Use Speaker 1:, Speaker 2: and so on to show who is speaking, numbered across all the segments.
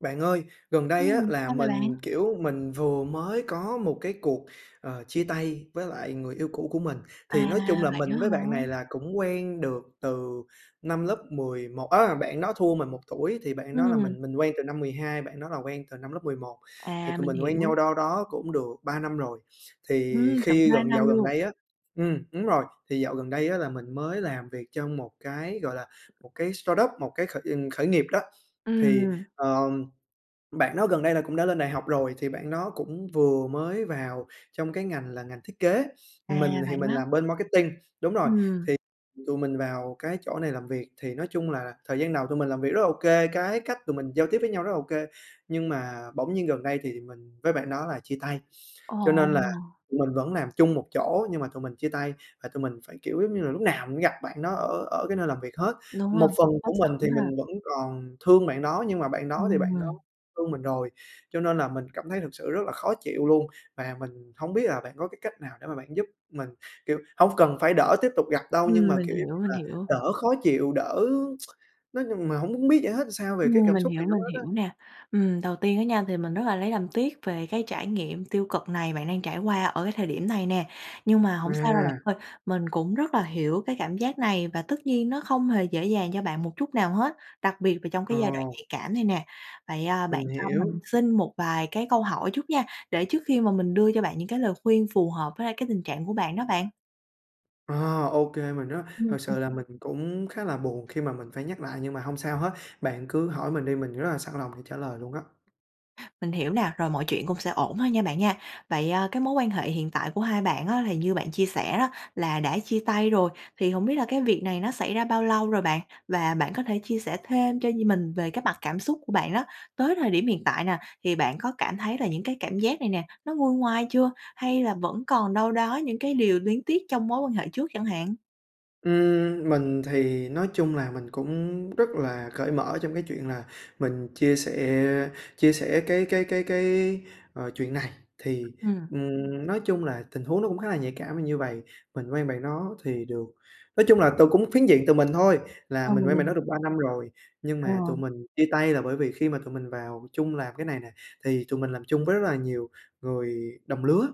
Speaker 1: Bạn ơi, gần đây á
Speaker 2: Ừm,
Speaker 1: là
Speaker 2: sao vậy bạn?
Speaker 1: mình, kiểu, mình vừa mới có một cái cuộc, ờ, chia tay với lại người yêu cũ của mình,
Speaker 2: À,
Speaker 1: thì nói chung là
Speaker 2: vậy á
Speaker 1: mình với bạn này
Speaker 2: hả?
Speaker 1: là cũng quen được từ năm lớp 11 á, bạn đó thua mình 1 tuổi thì bạn đó là
Speaker 2: Ừm.
Speaker 1: mình mình quen từ năm 12 và bạn đó là quen từ năm lớp 11, thì
Speaker 2: À,
Speaker 1: tụi
Speaker 2: mình
Speaker 1: mình quen
Speaker 2: hiểu.
Speaker 1: nhau đâu đó cũng được 3 năm rồi. Thì
Speaker 2: Ừm, tận
Speaker 1: khi
Speaker 2: 2
Speaker 1: gần
Speaker 2: năm
Speaker 1: dạo gần
Speaker 2: luôn.
Speaker 1: đây á ừm, đúng rồi, thì dạo gần đây á là mình mới làm việc trong một cái, gọi là, một cái startup, một cái khởi, ừm, khởi nghiệp đó. Thì,
Speaker 2: Ừm.
Speaker 1: ờ, bạn đó gần đây là cũng đã lên đại học rồi, thì bạn đó cũng vừa mới vào trong cái ngành là ngành thiết kế,
Speaker 2: À,
Speaker 1: mình thì
Speaker 2: vậy
Speaker 1: mình
Speaker 2: á?
Speaker 1: làm bên marketing, đúng rồi,
Speaker 2: Ừm.
Speaker 1: thì tụi mình vào cái chỗ này làm việc. Thì nói chung là thời gian đầu tụi mình làm việc rất là ô kê, cái cách tụi mình giao tiếp với nhau rất là ô kê, nhưng mà bỗng nhiên gần đây thì mình với bạn đó là chia tay,
Speaker 2: Ờ.
Speaker 1: cho nên là tụi mình vẫn làm chung một chỗ nhưng mà tụi mình chia tay. Và tụi mình phải, kiểu, giống như là, lúc nào mình cũng gặp bạn đó ở ở cái nơi làm việc hết.
Speaker 2: Đúng rồi,
Speaker 1: Một phần
Speaker 2: cũng khó
Speaker 1: của mình
Speaker 2: xử
Speaker 1: thì
Speaker 2: ha.
Speaker 1: mình vẫn còn thương bạn đó nhưng mà bạn đó
Speaker 2: Nhưng
Speaker 1: thì bạn
Speaker 2: mà
Speaker 1: đó thương mình rồi, cho nên là mình cảm thấy thực sự rất là khó chịu luôn và mình hông biết là bạn có cái cách nào để mà bạn giúp mình, kiểu, hông cần phải đỡ tiếp tục gặp đâu nhưng
Speaker 2: Ừm,
Speaker 1: mà,
Speaker 2: mình
Speaker 1: kiểu, giống
Speaker 2: hiểu,
Speaker 1: như
Speaker 2: mình
Speaker 1: là,
Speaker 2: hiểu.
Speaker 1: đỡ khó chịu, đỡ nói chung mà hông muốn biết giải thích sao về cái
Speaker 2: Ừm,
Speaker 1: cảm
Speaker 2: mình
Speaker 1: xúc
Speaker 2: hiểu,
Speaker 1: này nữa
Speaker 2: mình
Speaker 1: hết á.
Speaker 2: hiểu nè. Ừm, đầu tiên á nha thì mình rất là lấy làm tiếc về cái trải nghiệm tiêu cực này bạn đang trải qua ở cái thời điểm này nè, nhưng mà hổng sao đâu bạn
Speaker 1: À.
Speaker 2: ơi, mình cũng rất là hiểu cái cảm giác này và tất nhiên nó không hề dễ dàng cho bạn một chút nào hết, đặc biệt là trong cái
Speaker 1: Ờ.
Speaker 2: giai đoạn nhạy cảm này nè. Vậy, à, bạn
Speaker 1: Mình
Speaker 2: cho mình
Speaker 1: hiểu.
Speaker 2: xin một vài cái câu hỏi chút nha, để trước khi mà mình đưa cho bạn những cái lời khuyên phù hợp với lại cái tình trạng của bạn đó bạn.
Speaker 1: Ờ, ô kê, mình rất
Speaker 2: Ừm,
Speaker 1: thực
Speaker 2: ờ.
Speaker 1: sự là mình cũng khá là buồn khi mà mình phải nhắc lại nhưng mà hông sao hết, bạn cứ hỏi mình đi, mình rất là sẵn lòng để trả lời luôn đó.
Speaker 2: Mình hiểu nà, rồi mọi chuyện cũng sẽ ổn thôi nha bạn nha. Vậy, a, cái mối quan hệ hiện tại của hai bạn á, thì như bạn chia sẻ đó là đã chia tay rồi, thì hổng biết là cái việc này nó xảy ra bao lâu rồi bạn? Và bạn có thể chia sẻ thêm cho nh mình về cái mặt cảm xúc của bạn đó, tới thời điểm hiện tại nà, thì bạn có cảm thấy là những cái cảm giác này nè nó nguôi ngoai chưa? Hay là vẫn còn đâu đó những cái điều luyến tiếc trong mối quan hệ trước chẳng hạn?
Speaker 1: Ưm, mình thì nói chung là mình cũng rất là cởi mở trong cái chuyện là mình chia sẻ chia sẻ cái cái cái cái, ờ, chuyện này. Thì,
Speaker 2: Ừm.
Speaker 1: ừm, nói chung là tình huống nó cũng khá là nhạy cảm như vầy, mình quen bạn đó thì được nói chung là từ cũng phiến diện từ mình thôi, là
Speaker 2: À,
Speaker 1: mình quen bạn
Speaker 2: mình
Speaker 1: đó được 3 năm rồi. Nhưng
Speaker 2: Ờ.
Speaker 1: mà tụi mình chia tay là bởi vì khi mà tụi mình vào chung làm cái này nè, thì tụi mình làm chung với rất là nhiều người đồng lứa,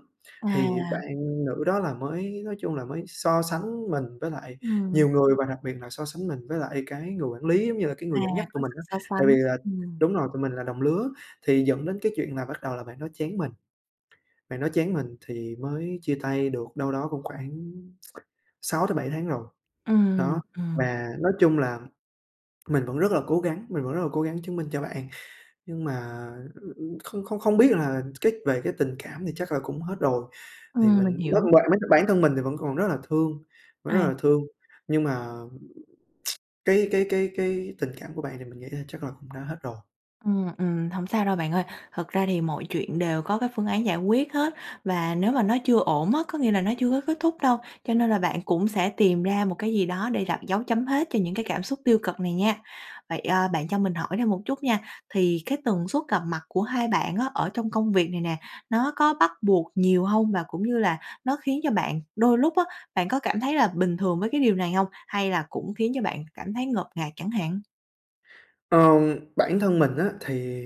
Speaker 1: thì bạn
Speaker 2: À.
Speaker 1: nữ đó là mới nói chung là mới so sánh mình với lại
Speaker 2: Ừm.
Speaker 1: nhiều người và đặc biệt là so sánh mình với lại cái người quản lý, giống như là, cái
Speaker 2: À,
Speaker 1: người dẫn dắt
Speaker 2: có
Speaker 1: tụi mình
Speaker 2: sự
Speaker 1: á,
Speaker 2: so
Speaker 1: tại vì
Speaker 2: sánh,
Speaker 1: là
Speaker 2: ừm.
Speaker 1: đúng rồi, tụi mình là đồng lứa, thì dẫn đến cái chuyện là bắt đầu là bạn đó chán mình, bạn đó chán mình thì mới chia tay được đâu đó cũng khoảng 6 tới 7 tháng rồi,
Speaker 2: Ừm, ừm,
Speaker 1: đó.
Speaker 2: ừm.
Speaker 1: Và nói chung là mình vẫn rất là cố gắng, mình vẫn rất là cố gắng chứng minh cho bạn, nhưng mà, ừ, ưm, không không không biết là cái về cái tình cảm thì chắc là cũng hết rồi thì
Speaker 2: Ừm, mình
Speaker 1: mình
Speaker 2: hiểu.
Speaker 1: [unintelligible] bản thân mình thì vẫn còn rất là thương, vẫn rất
Speaker 2: À.
Speaker 1: là thương, nhưng mà cái cái cái cái tình cảm của bạn thì mình nghĩ là chắc là cũng đã hết rồi.
Speaker 2: Ừm, ừm, hổng sao đâu bạn ơi, thật ra thì mọi chuyện đều có cái phương án giải quyết hết và nếu mà nó chưa ổn á, có nghĩa là nó chưa có kết thúc đâu, cho nên là bạn cũng sẽ tìm ra một cái gì đó để đặt dấu chấm hết cho những cái cảm xúc tiêu cực này nha. Vậy, ờ, bạn cho mình hỏi thêm một chút nha, thì cái tần suất gặp mặt của hai bạn á ở trong công việc này nè, nó có bắt buộc nhiều hông? Và cũng như là nó khiến cho bạn đôi lúc á, bạn có cảm thấy là bình thường với cái điều này hông? Hay là cũng khiến cho bạn cảm thấy ngột ngạt chẳng hạn?
Speaker 1: Ờm, bản thân mình á thì,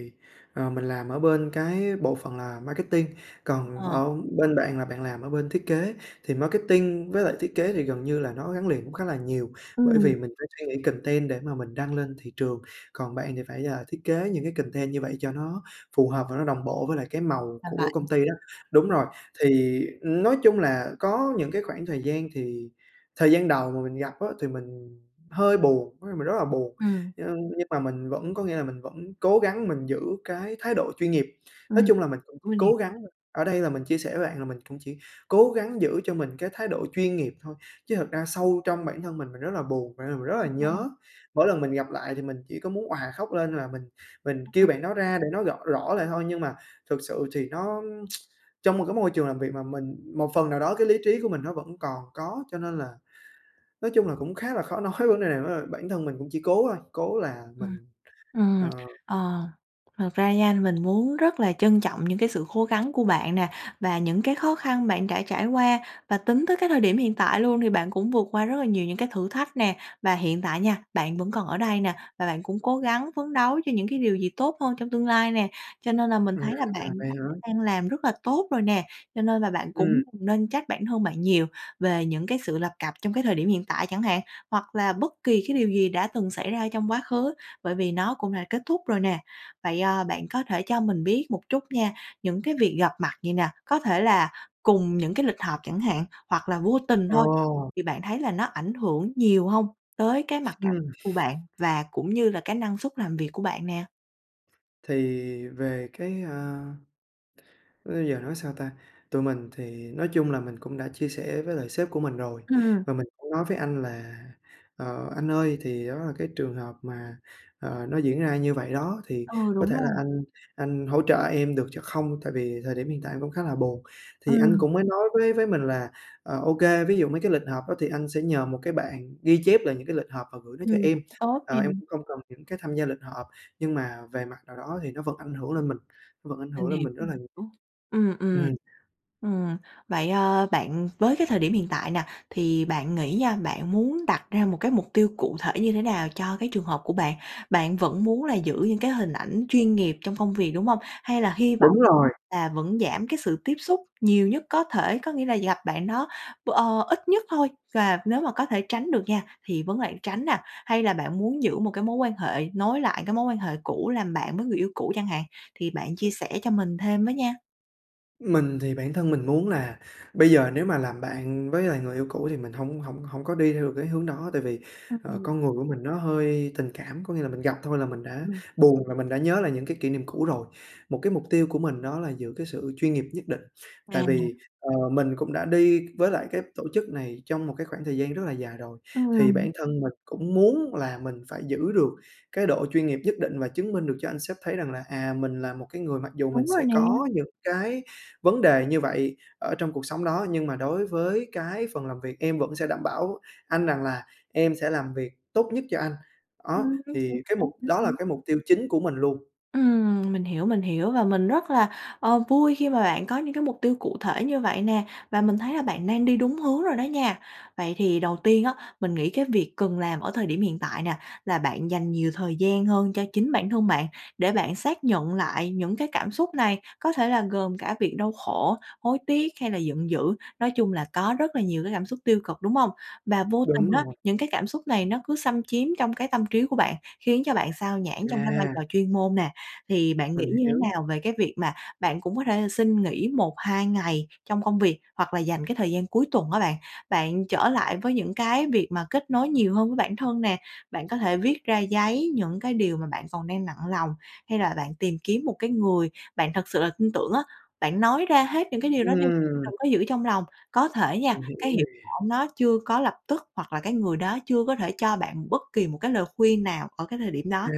Speaker 1: ờ, mình làm ở bên cái bộ phận là marketing, còn
Speaker 2: Ờ.
Speaker 1: ở bên bạn là bạn làm ở bên thiết kế. Thì marketing với lại thiết kế thì gần như là nó gắn liền cũng khá là nhiều, bởi
Speaker 2: Ừm.
Speaker 1: vì mình phải suy nghĩ content để mà mình đăng lên thị trường, còn bạn thì phải, ờ, thiết kế những cái content như vậy cho nó phù hợp và nó đồng bộ với lại cái màu
Speaker 2: Làm bạn,
Speaker 1: của công ty đó. Đúng
Speaker 2: ừm.
Speaker 1: rồi, thì nói chung là có những cái khoảng thời gian thì thời gian đầu mà mình gặp á thì mình hơi buồn, có nghĩa mình rất là buồn,
Speaker 2: Ừm.
Speaker 1: nhưng nhưng mà mình vẫn có nghĩa là mình vẫn cố gắng mình giữ cái thái độ chuyên nghiệp.
Speaker 2: Ừm,
Speaker 1: Nói chung là mình cũng [unintelligible]
Speaker 2: ưa nè.
Speaker 1: cố gắng ở đây là mình chia sẻ với bạn là mình cũng chỉ cố gắng giữ cho mình cái thái độ chuyên nghiệp thôi, chứ thật ra sâu trong bản thân mình, mình rất là buồn, và r mình rất là
Speaker 2: Phía sau.
Speaker 1: nhớ. Mỗi lần mình gặp lại thì mình chỉ có muốn òa khóc lên là mình mình kêu
Speaker 2: [unintelligible]
Speaker 1: bạn đó ra để nói gõ rõ lại thôi. Nhưng mà thực sự thì nó trong một cái môi trường làm việc mà mình một phần nào đó cái lý trí của mình nó vẫn còn có, cho nên là nói chung là cũng khá là khó nói cài này [unintelligible] bản thân mình cũng chỉ cố thôi, cố là
Speaker 2: Ừm,
Speaker 1: mình, ờ
Speaker 2: ừm, ờ, thật ra nha mình muốn rất là trân trọng những cái sự khố gắng của bạn nè và những cái khó khăn bạn đã trải qua, và tính tới cái thời điểm hiện tại luôn thì bạn cũng vượt qua rất là nhiều những cái thử thách nè. Và hiện tại nha, bạn vẫn còn ở đây nè, và bạn cũng cố gắng phấn đấu cho những cái điều gì tốt hơn trong tương lai nè, cho nên là mình
Speaker 1: À,
Speaker 2: thấy là bạn
Speaker 1: vậy
Speaker 2: đã
Speaker 1: hả?
Speaker 2: đang làm rất là tốt rồi nè. Cho nên là bạn
Speaker 1: Ừm.
Speaker 2: cũng đừng nên trách bản thân bạn nhiều, về những cái sự lập cập trong cái thời điểm hiện tại chẳng hạn, hoặc là bất kỳ cái điều gì đã từng xảy ra trong quá khứ, bởi vì nó cũng đã kết thúc rồi nè. Vậy, ờ, bạn có thể cho mình biết một chút nha, những cái việc gặp mặt vậy nè, có thể là cùng những cái lịch họp chẳng hạn hoặc là vô tình thôi
Speaker 1: Ờ!
Speaker 2: thì bạn thấy là nó ảnh hưởng nhiều hông tới cái mặt cảm
Speaker 1: Ừm.
Speaker 2: của bạn và cũng như là cái năng suất làm việc của bạn nè?
Speaker 1: Thì về cái, à bây giờ nói sao ta? Tụi mình thì nói chung là mình cũng đã chia sẻ với lại sếp của mình rồi,
Speaker 2: Ừm.
Speaker 1: và mình cũng nói với anh là "Ờ, anh ơi thì đó là cái trường hợp mà, ờ, nó diễn ra như vậy đó thì
Speaker 2: Ừ,
Speaker 1: có
Speaker 2: đúng
Speaker 1: thể là
Speaker 2: rồi.
Speaker 1: anh anh hỗ trợ em được cho không? Tại vì thời điểm hiện tại em cũng khá là buồn." Thì anh
Speaker 2: Ừm.
Speaker 1: cũng mới nói với với mình là, ờ, ô kê ví dụ mấy cái lịch họp đó thì anh sẽ nhờ một cái bạn ghi chép lại những cái lịch họp và gửi nó cho
Speaker 2: Ừm,
Speaker 1: em,
Speaker 2: tốt nè.
Speaker 1: ờ, em không cần những cái tham gia lịch họp, nhưng mà về mặt nào đó thì nó vẫn ảnh hưởng lên mình, nó vẫn ảnh
Speaker 2: Mình
Speaker 1: hưởng lên
Speaker 2: hiểu,
Speaker 1: mình rất là
Speaker 2: ừm,
Speaker 1: nhiều.
Speaker 2: hiểu. Ừm, ừm.
Speaker 1: Ừm.
Speaker 2: Ừm vậy, ờ, bạn với cái thời điểm hiện tại nè thì bạn nghĩ nha bạn muốn đặt ra một cái mục tiêu cụ thể như thế nào cho cái trường hợp của bạn? Bạn vẫn muốn là giữ những cái hình ảnh chuyên nghiệp trong công việc, đúng hông? Hay là hy vọng
Speaker 1: Đúng rồi.
Speaker 2: là vẫn giảm cái sự tiếp xúc nhiều nhất có thể? Có nghĩa là gặp bạn đó b ờ, ít nhất thôi và nếu mà có thể tránh được nha thì vấn lãng tránh nè, hay là bạn muốn giữ một cái mối quan hệ nối lại cái mối quan hệ cũ làm bạn với người yêu cũ chẳng hạn? Thì bạn chia sẻ cho mình thêm với nha.
Speaker 1: Mình thì bản thân mình muốn là bây giờ nếu mà làm bạn với lại người yêu cũ thì mình hổng hổng hổng có đi theo được cái hướng đó, tại vì,
Speaker 2: Ưm,
Speaker 1: ờ,
Speaker 2: ừm.
Speaker 1: con người của mình nó hơi tình cảm, có nghĩa là mình gặp thôi là mình
Speaker 2: [unintelligible] Hiểu
Speaker 1: đã
Speaker 2: luôn.
Speaker 1: buồn rồi, mình đã nhớ lại những cái kỷ niệm cũ rồi. Một cái mục tiêu của mình đó là giữ cái sự chuyên nghiệp nhất định, tại
Speaker 2: À.
Speaker 1: vì, ờ, mình cũng đã đi với lại cái tổ chức này trong một cái khoảng thời gian rất là dài rồi. Thì
Speaker 2: Ừm.
Speaker 1: bản thân mình cũng muốn là mình phải giữ được cái độ chuyên nghiệp nhất định và chứng minh được cho anh sếp thấy rằng là, à, mình là một cái người mặc dù mình
Speaker 2: Đúng rồi
Speaker 1: sẽ
Speaker 2: nè.
Speaker 1: có những cái vấn đề như vậy ở trong cuộc sống đó, nhưng mà đối với cái phần làm việc em vẫn sẽ đảm bảo anh rằng là em sẽ làm việc tốt nhất cho anh. Đó,
Speaker 2: Ừm, chính xác,
Speaker 1: thì cái mục
Speaker 2: chính
Speaker 1: đó là
Speaker 2: xác.
Speaker 1: cái mục tiêu chính của mình luôn.
Speaker 2: Ừm, mình hiểu, mình hiểu và mình rất là, ờ, vui khi mà bạn có những cái mục tiêu cụ thể như vậy nè, và mình thấy là bạn đang đi đúng hướng rồi đó nha. Vậy thì đầu tiên á, mình nghĩ cái việc cần làm ở thời điểm hiện tại nè, là bạn dành nhiều thời gian hơn cho chính bản thân bạn để bạn xác nhận lại những cái cảm xúc này có thể là gồm cả việc đau khổ, hối tiếc hay là giận dữ, nói chung là có rất là nhiều cái cảm xúc tiêu cực, đúng hông? Và vô tình
Speaker 1: Đúng
Speaker 2: á,
Speaker 1: rồi.
Speaker 2: những cái cảm xúc này nó cứ xâm chiếm trong cái tâm trí của bạn, khiến cho bạn xao nhãng trong cái vai
Speaker 1: À.
Speaker 2: trò chuyên môn nè. Thì bạn nghĩ
Speaker 1: Mình
Speaker 2: như thế
Speaker 1: hiểu.
Speaker 2: nào về cái việc mà bạn cũng có thể là xin nghỉ 1-2 ngày trong công việc hoặc là dành cái thời gian cuối tuần á bạn, bạn trở lại với những cái việc mà kết nối nhiều hơn với bản thân nè, bạn có thể viết ra giấy những cái điều mà bạn còn đang nặng lòng, hay là bạn tìm kiếm một cái người bạn thật sự là tin tưởng á, bạn nói ra hết những cái điều đó đi,
Speaker 1: Ừm.
Speaker 2: đừng có giữ trong lòng. Có thể nha,
Speaker 1: Mình hiểu
Speaker 2: cái
Speaker 1: nè.
Speaker 2: hiệu quả nó chưa có lập tức hoặc là cái người đó chưa có thể cho bạn bất kỳ một cái lời khuyên nào ở cái thời điểm
Speaker 1: À,
Speaker 2: đó.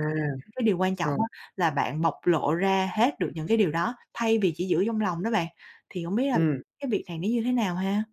Speaker 2: Nhưng cái điều quan trọng
Speaker 1: rồi.
Speaker 2: á là bạn bộc lộ ra hết được những cái điều đó thay vì chỉ giữ trong lòng đó bạn. Thì hổng biết là
Speaker 1: Ừm.
Speaker 2: cái việc này nó như thế nào ha?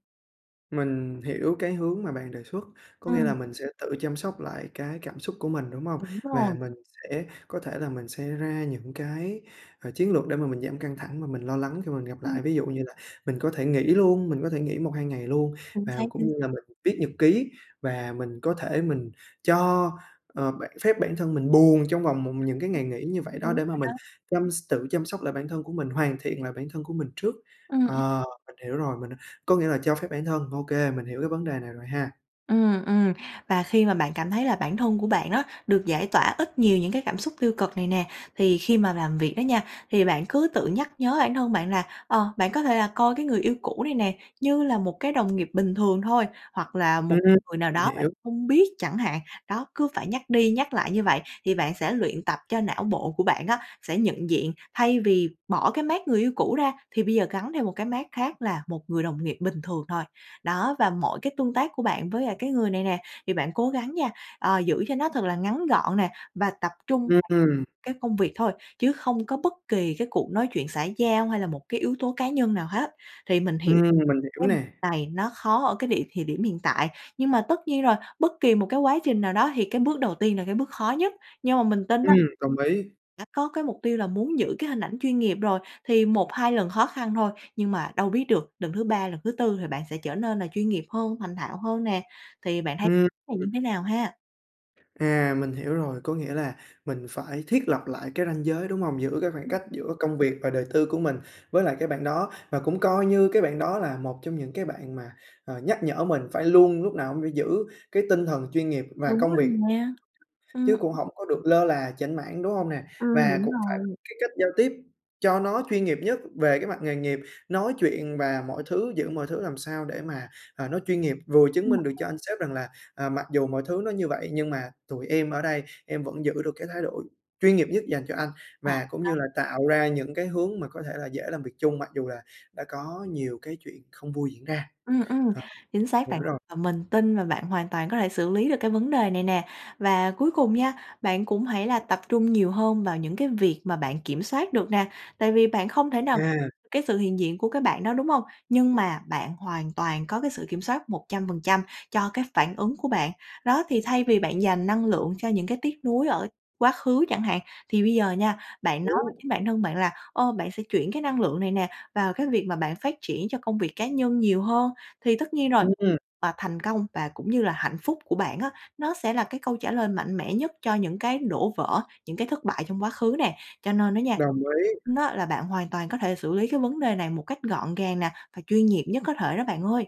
Speaker 1: Mình hiểu cái hướng mà bạn đề xuất, có nghĩa là
Speaker 2: Ừm.
Speaker 1: mình sẽ tự chăm sóc lại cái cảm xúc của mình, đúng hông?
Speaker 2: Đúng rồi.
Speaker 1: Và mình sẽ có thể là mình sẽ ra những cái, ờ, chiến lược để mà mình giảm căng thẳng và mình lo lắng khi mà mình gặp
Speaker 2: Ừm.
Speaker 1: lại. Ví dụ như là mình có thể nghỉ luôn mình có thể nghỉ 1-2 ngày luôn,
Speaker 2: Chính
Speaker 1: và
Speaker 2: xác,
Speaker 1: cũng
Speaker 2: chính
Speaker 1: như là
Speaker 2: xác.
Speaker 1: mình viết nhật ký và mình có thể mình cho, ờ, bản phép bản thân mình buồn trong vòng một những cái ngày nghỉ như
Speaker 2: [unintelligible]
Speaker 1: vậy đó.
Speaker 2: Đúng
Speaker 1: Để mà
Speaker 2: rồi đó.
Speaker 1: mình chăm s tự chăm sóc lại bản thân của mình, hoàn thiện lại bản thân của mình trước,
Speaker 2: Ừm, ừm.
Speaker 1: ờ, mình hiểu rồi, mình, à, có nghĩa là cho phép bản thân ô kê mình hiểu cái vấn đề này rồi ha.
Speaker 2: Ừm, ừm, và khi mà bạn cảm thấy là bản thân của bạn đó, được giải tỏa ít nhiều những cái cảm xúc tiêu cực này nè. Thì khi mà làm việc đó nha, thì bạn cứ tự nhắc nhớ bản thân bạn là, ờ, bạn có thể là coi cái người yêu cũ này nè, như là một cái đồng nghiệp bình thường thôi, hoặc là một
Speaker 1: Ừm.
Speaker 2: người nào
Speaker 1: Mình
Speaker 2: đó bạn
Speaker 1: hiểu.
Speaker 2: không biết chẳng hạn. Đó, cứ phải nhắc đi nhắc lại như vậy, thì bạn sẽ luyện tập cho não bộ của bạn á, sẽ nhận diện thay vì bỏ cái mác người yêu cũ ra thì bây giờ gắn thêm một cái mác khác là một người đồng nghiệp bình thường thôi. Đó, và mỗi cái tương tác của bạn với lại cái người này nè, thì bạn cố gắng nha, ờ, giữ cho nó thật là ngắn gọn nè, và tập trung
Speaker 1: Ừm.
Speaker 2: [unintelligible] cái công việc thôi, chứ không có bất kỳ cái cuộc nói chuyện xã giao hay là một cái yếu tố cá nhân nào hết. Thì mình hiểu
Speaker 1: Ừm, mình hiểu
Speaker 2: [unintelligible]
Speaker 1: nè.
Speaker 2: này nó khó ở cái điểm thì điểm hiện tại, nhưng mà tất nhiên rồi, bất kỳ một cái quá trình nào đó thì cái bước đầu tiên là cái bước khó nhất. Nhưng mà mình tin
Speaker 1: Ừm,
Speaker 2: á
Speaker 1: đồng ý.
Speaker 2: đã có cái mục tiêu là muốn giữ cái hình ảnh chuyên nghiệp rồi, thì 1-2 lần khó khăn thôi, nhưng mà đâu biết được lần thứ 3, lần thứ 4 thì bạn sẽ trở nên là chuyên nghiệp hơn, thành thạo hơn nè, thì bạn thấy
Speaker 1: Ừm.
Speaker 2: này như thế nào ha?
Speaker 1: À mình hiểu rồi, có nghĩa là mình phải thiết lập lại cái ranh giới, đúng hông? Giữ cái khoảng
Speaker 2: Ừm.
Speaker 1: cách giữa công việc và đời tư của mình với lại cái bạn đó, và cũng coi như cái bạn đó là một trong những cái bạn mà, ờ, nhắc nhở mình phải luôn lúc nào cũng phải giữ cái tinh thần chuyên nghiệp và
Speaker 2: Đúng
Speaker 1: công
Speaker 2: rồi
Speaker 1: việc,
Speaker 2: nha, ừm.
Speaker 1: chứ cũng hổng có được lơ là chểnh mảng, đúng hông nè?
Speaker 2: Ừm,
Speaker 1: Và
Speaker 2: đúng
Speaker 1: cũng phải có
Speaker 2: rồi.
Speaker 1: cái cách giao tiếp cho nó chuyên nghiệp nhất về cái mặt nghề nghiệp, nói chuyện và mọi thứ, giữ mọi thứ làm sao để mà, à, nó chuyên nghiệp vừa chứng
Speaker 2: Nhưng mà
Speaker 1: minh được
Speaker 2: thêm
Speaker 1: cho anh sếp rằng là, ờ, mặc dù mọi thứ nó như vậy nhưng mà tụi em ở đây, em vẫn giữ được cái thái độ chuyên nghiệp nhất dành cho anh
Speaker 2: Ờ,
Speaker 1: và cũng
Speaker 2: đó.
Speaker 1: như là tạo ra những cái hướng mà có thể là dễ làm việc chung mặc dù là đã có nhiều cái chuyện không vui diễn ra.
Speaker 2: Ừm, ừm,
Speaker 1: Ờ.
Speaker 2: chính xác
Speaker 1: Hiểu
Speaker 2: bạn.
Speaker 1: rồi.
Speaker 2: Và mình tin là bạn hoàn toàn có thể xử lý được cái vấn đề này nè. Và cuối cùng nha, bạn cũng hãy là tập trung nhiều hơn vào những cái việc mà bạn kiểm soát được nè. Tại vì bạn không thể nào
Speaker 1: À.
Speaker 2: cái sự hiện diện của cái bạn đó, đúng hông? Nhưng mà bạn hoàn toàn có cái sự kiểm soát 100% cho cái phản ứng của bạn. Đó, thì thay vì bạn dành năng lượng cho những cái tiếc nuối ở quá khứ chẳng hạn, thì bây giờ nha, bạn nói với
Speaker 1: Hiểu.
Speaker 2: chính bản thân bạn là, ơ, bạn sẽ chuyển cái năng lượng này nè vào cái việc mà bạn phát triển cho công việc cá nhân nhiều hơn. Thì tất nhiên rồi,
Speaker 1: Ừm.
Speaker 2: và thành công và cũng như là hạnh phúc của bạn á, nó sẽ là cái câu trả lời mạnh mẽ nhất cho những cái đổ vỡ, những cái thất bại trong quá khứ nè. Cho nên đó nha,
Speaker 1: Đồng ý.
Speaker 2: nó là bạn hoàn toàn có thể xử lý cái vấn đề này một cách gọn gàng nè và chuyên nghiệp nhất có thể đó bạn ơi.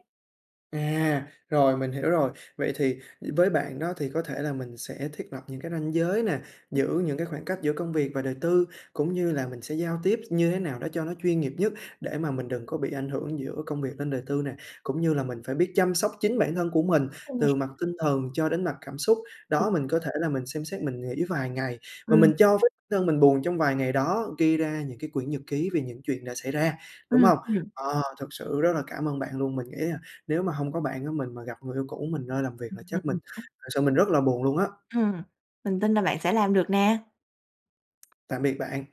Speaker 1: À, rồi, mình hiểu rồi. Vậy thì với bạn đó thì có thể là mình sẽ thiết lập những cái ranh giới nè, giữ những cái khoảng cách giữa công việc và đời tư cũng như là mình sẽ giao tiếp như thế nào đó cho nó chuyên nghiệp nhất để mà mình đừng có bị ảnh hưởng giữa công việc lên đời tư nè. Cũng như là mình phải biết chăm sóc chính bản thân của mình
Speaker 2: [unintelligible] nè.
Speaker 1: từ mặt tinh thần cho đến mặt cảm xúc, đó, mình có thể là mình xem xét mình nghỉ vài ngày. Mà
Speaker 2: Ừm.
Speaker 1: mình cho phép bản thân mình buồn trong vài ngày đó, ghi ra những cái quyển nhật ký về những chuyện đã xảy ra, đúng
Speaker 2: Ừm,
Speaker 1: hông?
Speaker 2: ừm.
Speaker 1: Ờ, thực sự rất là cảm ơn bạn luôn. Mình nghĩ là nếu mà hông có bạn á mình mà gặp người yêu cũ mình nơi làm việc là chắc mình thực sự mình rất là buồn luôn á.
Speaker 2: Ừm, mình tin là bạn sẽ làm được nè.
Speaker 1: Tạm biệt bạn.